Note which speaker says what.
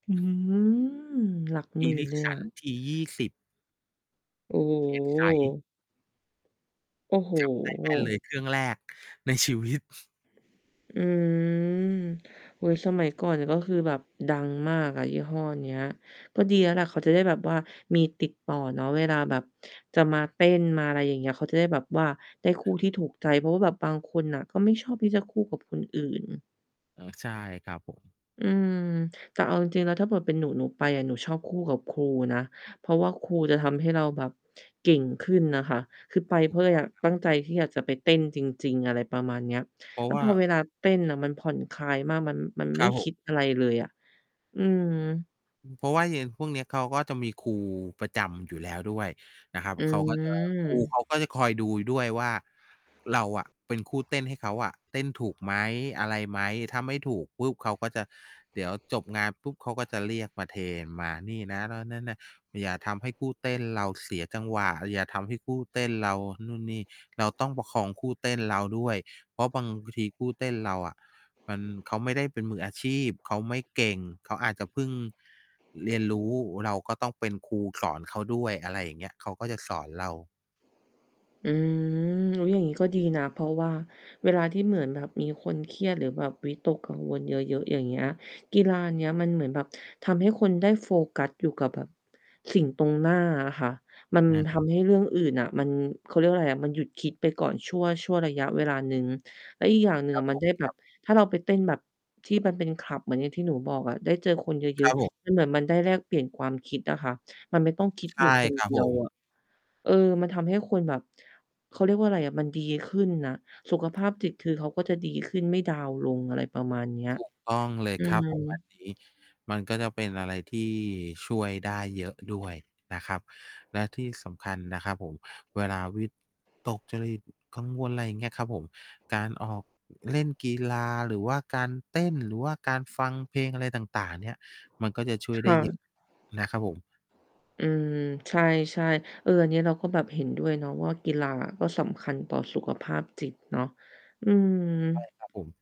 Speaker 1: อืม หลักหมื่นเลยอะ
Speaker 2: Ericsson T20
Speaker 1: โอ
Speaker 2: เคส ใส
Speaker 1: ้ โอ้โฮ!
Speaker 2: จำได้แม่นเลย เครื่องแรกในชีวิต
Speaker 1: อืม อือ สมัยก่อน ก็คือแบบดังมากอะ ยี่ห้อเนี้ย ก็ดีแล้วล่ะ เขาจะได้แบบว่ามีติดต่อเนาะ เวลาแบบจะมาเต้นมา อะไรอย่างนี้ เขาจะได้แบบว่าได้คู่ที่ถูกใจ เพราะว่าแบบบางคนน่ะ ก็ไม่ชอบที่จะคู่กับคนอื่น
Speaker 2: อ๋อ ใช่ครับผม
Speaker 1: อืม แต่เอาจริง ๆ แล้วถ้าเกิดเป็นหนู หนูไป หนูชอบคู่กับครูนะ เพราะว่าครูจะทำให้เราแบบเก่งขึ้นน่ะค่ะ คือไปเ
Speaker 2: ถ
Speaker 1: พ
Speaker 2: ู
Speaker 1: รา
Speaker 2: ก
Speaker 1: ะเรา
Speaker 2: ต้อ
Speaker 1: อ
Speaker 2: ง
Speaker 1: ยาก
Speaker 2: ครับ
Speaker 1: ตั้งใจที่อยากจะไปเต้นจริง ๆ อะไรประมาณเนี้ย
Speaker 2: เพรา
Speaker 1: แ
Speaker 2: ะ
Speaker 1: ล้ว
Speaker 2: ว่า
Speaker 1: พอเวลาเต้นน่ะ มันผ่อนคลายมากมัน มัน
Speaker 2: ค
Speaker 1: ไม
Speaker 2: ร
Speaker 1: ่
Speaker 2: ับผ
Speaker 1: ค
Speaker 2: ม
Speaker 1: ิดอะไรเลยอะ อืม
Speaker 2: เพราะว่ายัง พวกนี้เขา ก็จะมีครูประจำอยู่แล้วด้วยนะครับ
Speaker 1: อ
Speaker 2: เขาก็ จะ ครู
Speaker 1: ื
Speaker 2: เข
Speaker 1: ม
Speaker 2: าก็จะคอยดูด้วยว่า เราอะเป็นคู่เต้นให้เขาอะ เต้นถูกไหม อะไรไหม ถ้าไม่ถูกปุ๊บ เขาก็จะ เดี๋ยวจบงานปุ๊บ เขาก็จะเรียกมาเทรนมานี่นะ นะ โน่น นั้น นะ อย่าทำให้คู่เต้นเราเสียจังหวะ อย่าทำให้คู่เต้นเรานู่นนี่ เราต้องประคองคู่เต้นเราด้วย เพราะบางทีคู่เต้นเราอะ มัน เขาไม่ได้เป็นมืออาชีพเขาไม่เก่งเขาอาจจะพึ่ง เรียนรู้เราก็ต้องเป็นครูสอนเขาด้วย อะไรอย่างเงี้ย เขาก็จะสอนเรา
Speaker 1: อืม อุ๊ย อย่างนี้ก็ดีนะ เพราะว่าเวลาที่เหมือนแบบมีคนเครียดหรือแบบวิตกกังวลเยอะ ๆ อย่างเงี้ย กีฬานี้มันเหมือนแบบทำให้คนได้โฟกัสอยู่กับแบบ สิ่งตรงหน้าอะค่ะ มัน
Speaker 2: อือ
Speaker 1: ทำให้เรื่องอื่นน่ะมัน เขาเรียกว่าอะไรอะ มันหยุดคิดไปก่อนชั่ว ชั่วระยะเวลาหนึ่ง แล้วอีกอย่างหนึ่ง
Speaker 2: คร
Speaker 1: อ
Speaker 2: ับ
Speaker 1: ะม
Speaker 2: ผ
Speaker 1: ัน
Speaker 2: ม
Speaker 1: ได้แบ
Speaker 2: คร
Speaker 1: บ
Speaker 2: ับ
Speaker 1: ถ้าเราไปเต้นแบบที่มันเป็นคลับเหมือนอย่างที่หนูบอกอะ ได้เจอคนเย
Speaker 2: ค
Speaker 1: อ
Speaker 2: รั
Speaker 1: ะ
Speaker 2: บผม
Speaker 1: ๆ แล้วเหมือนมันได้แลกเปลี่ยนความคิดอะค่ะ มันไม่ต้องคิด
Speaker 2: ใช
Speaker 1: อยู่
Speaker 2: ่
Speaker 1: คน
Speaker 2: ครั
Speaker 1: เ
Speaker 2: บ
Speaker 1: ดี
Speaker 2: ผ
Speaker 1: ยว
Speaker 2: ม
Speaker 1: อะ เอ่อ มันทำให้คนแบบ เขาเรียกว่าอะไรอะ มันดีขึ้นน่ะ สุขภาพจิต คือเขาก็จะดีขึ้นไม่ดาวน์ลง อะไรประมาณเนี้ย
Speaker 2: ถูก ต้องเลย
Speaker 1: อื
Speaker 2: ครับ ผม อัน
Speaker 1: ม
Speaker 2: นี้ มันก็จะเป็นอะไรที่ช่วยได้เยอะด้วยนะครับ และที่สำคัญนะครับผม เวลาวิ ตกจริต กังวล อะไรอย่างเงี้ยครับผม การออก เล่นกีฬา หรือว่าการเต้น หรือว่าการฟังเพลงอะไรต่าง ๆ เนี่ย มันก็จะช่วย
Speaker 1: ค
Speaker 2: ได้
Speaker 1: ่
Speaker 2: เยอ
Speaker 1: ะ
Speaker 2: ะ นะครับผม
Speaker 1: อืม ใช่ ๆ เออ อันนี้เราก็แบบเห็นด้วยเนาะ ว่ากีฬา ก็สำคัญต่อสุขภาพจิตเนาะ อื
Speaker 2: ใช่
Speaker 1: ม
Speaker 2: ครับ ผม